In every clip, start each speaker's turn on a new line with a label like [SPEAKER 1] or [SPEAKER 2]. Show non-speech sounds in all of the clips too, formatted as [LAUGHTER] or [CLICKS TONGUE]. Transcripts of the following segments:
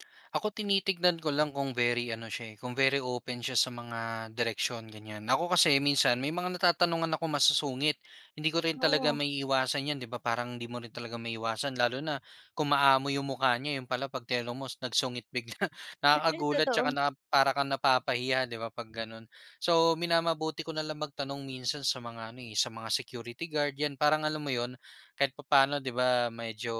[SPEAKER 1] [CLICKS TONGUE] Ako, tinitignan ko lang kung very ano siya, eh, kung very open siya sa mga direksyon, ganyan. Ako kasi minsan, may mga natatanungan akong masusungit. Hindi ko rin talaga
[SPEAKER 2] Oo.
[SPEAKER 1] maiiwasan yan di ba, parang hindi mo rin talaga maiiwasan lalo na kung maamo yung mukha niya, 'yon pala 'pag tinanong mo, nagsungit bigla.
[SPEAKER 2] [CHUCKLES]
[SPEAKER 1] Nakakagulat tsaka
[SPEAKER 2] Totoo.
[SPEAKER 1] na para kang napapahiya 'di ba, 'pag gano'n. So, minamabuti ko nalang magtanong minsan sa mga ano, eh, sa mga security guard, yan parang alam mo 'yon, kahit papaano 'di ba, medyo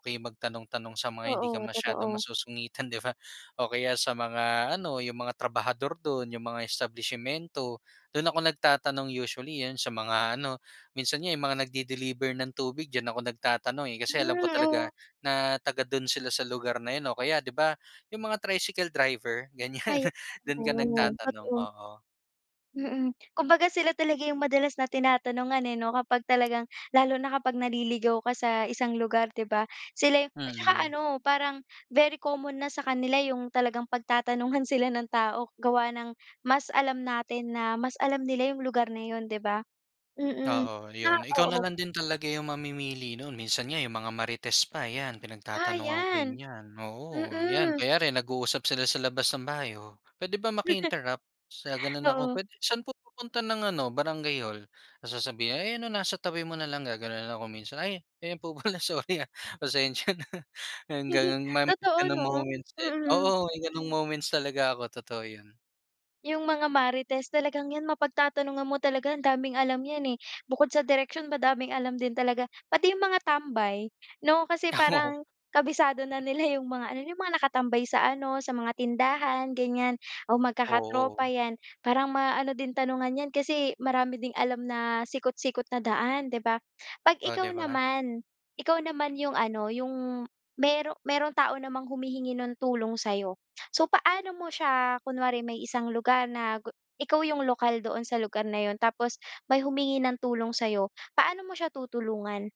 [SPEAKER 1] okey magtanong-tanong sa mga hindi ka
[SPEAKER 2] Oo,
[SPEAKER 1] masyadong
[SPEAKER 2] totoo.
[SPEAKER 1] masusungitan, di ba? O kaya sa mga ano, yung mga trabahador do'n, yung mga establisimyento. Do'n ako nagtatanong usually, 'yon sa mga ano minsan nga, eh, yung mga nag-de-deliver ng tubig diyan ako nagtatanong, eh,
[SPEAKER 2] Hmm,
[SPEAKER 1] kasi alam ko talaga
[SPEAKER 2] oh.
[SPEAKER 1] na taga do'n sila sa lugar na 'yon, o kaya 'di ba yung mga tricycle driver, ganyan.
[SPEAKER 2] Ay.
[SPEAKER 1] Do'n ka
[SPEAKER 2] Oo,
[SPEAKER 1] nagtatanong,
[SPEAKER 2] totoo.
[SPEAKER 1] oo.
[SPEAKER 2] Mm. Kumbaga sila talaga yung madalas na tinatanungan, eh, 'no, kapag talagang lalo na kapag naliligaw ka sa isang lugar, di ba? Sila yung at saka
[SPEAKER 1] Mm.
[SPEAKER 2] ano, parang very common na sa kanila yung talagang pagtatanungan sila ng tao gawa ng mas alam natin na mas alam nila yung lugar na 'yon, di ba? Mm,
[SPEAKER 1] Oo,
[SPEAKER 2] tsaka
[SPEAKER 1] 'yon. Ikaw na
[SPEAKER 2] oo.
[SPEAKER 1] lang din talaga yung mamimili no'n. Minsan nga yung mga marites pa, yan,
[SPEAKER 2] Ah,
[SPEAKER 1] pinagtatanungan ko rin
[SPEAKER 2] yan!
[SPEAKER 1] yan. Oo, yan.
[SPEAKER 2] Mm.
[SPEAKER 1] Kunyari, nag-uusap sila sa labas ng bahay, oh, "Puwede ba
[SPEAKER 2] [CHUCKLES]
[SPEAKER 1] maki-interrupt?" Sa gano'n ako,
[SPEAKER 2] Oo.
[SPEAKER 1] "Puwede saan po pupunta ng ano, barangay hall?" Tapos sasabihin, "Ayan, oh, nasa tabi mo nalang." gagano'n ako minsan, "Ay, ayan po pala, sorry, ah, pasensya na. Yung
[SPEAKER 2] [CHUCKLES]
[SPEAKER 1] gano'n. May mga
[SPEAKER 2] Totoo
[SPEAKER 1] ganong
[SPEAKER 2] 'no?
[SPEAKER 1] moments din.
[SPEAKER 2] Mm.
[SPEAKER 1] Oo, may ganong moments talaga ako, totoo 'yon.
[SPEAKER 2] Yung mga marites, talagang yan, mapagtatanungan mo talaga, ang daming alam yan, eh. Bukod sa direksyon, madaming alam din talaga. Pati yung mga tambay, 'no, kasi
[SPEAKER 1] [LAUGHS]
[SPEAKER 2] parang kabisado na nila yung mga ano, yung mga nakatambay sa ano, sa mga tindahan, ganyan, o magkakatropa,
[SPEAKER 1] Oo.
[SPEAKER 2] yan. Parang maano din tanungan yan kasi marami ding alam na sikot-sikot na daan, di ba? 'Pag
[SPEAKER 1] Oh, 'di
[SPEAKER 2] ikaw
[SPEAKER 1] ba?
[SPEAKER 2] naman, ikaw naman yung ano, yung mayro mayrong tao namang humihingi ng tulong sa'yo. So, paano mo siya kunwari, may isang lugar na gu ikaw yung lokal doon sa lugar na 'yon tapos may humingi ng tulong sa'yo, paano mo siya tutulungan?